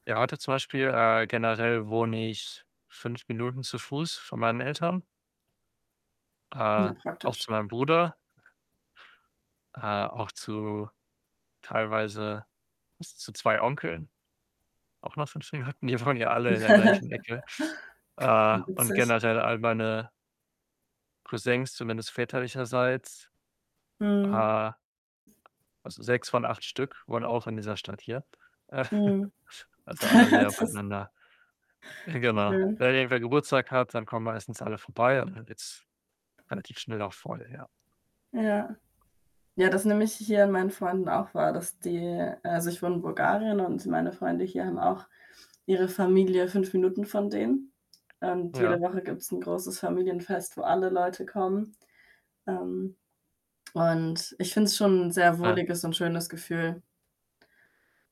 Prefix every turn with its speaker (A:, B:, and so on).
A: Ja, heute zum Beispiel äh, generell wohne ich 5 Minuten zu Fuß von meinen Eltern. Äh,
B: Ja,
A: auch
B: praktisch.
A: zu meinem Bruder. Äh, auch zu teilweise z zu 2 Onkeln auch nur [unintelligible] die wohnen ja alle in der gleichen Ecke. Äh, und
B: Witzig.
A: generell, all meine Cousins, zumindest väterlicherseits.
B: Mhm.
A: Äh, also, 6 von 8 Stück wohnen auch in dieser Stadt hier. Äh.
B: Mhm.
A: Also, alle sehr
B: Das
A: beieinander. Genau.
B: Schön.
A: Wenn irgendwer Geburtstag hat, dann kommen meistens alle vorbei und dann wird's relativ schnell auch voll, ja.
B: Ja. Ja, das nehme ich h hier an meinen Freunden auch wahr, dass die also, ich wohne in Bulgarien und meine Freunde hier haben auch ihre Familie 5 Minuten von denen. Ähm, und jede
A: Ja.
B: Woche gibt's 'n großes Familienfest, wo alle Leute kommen. Ähm, und ich finde es schon 'n sehr
A: Nein.
B: wohliges und schönes Gefühl.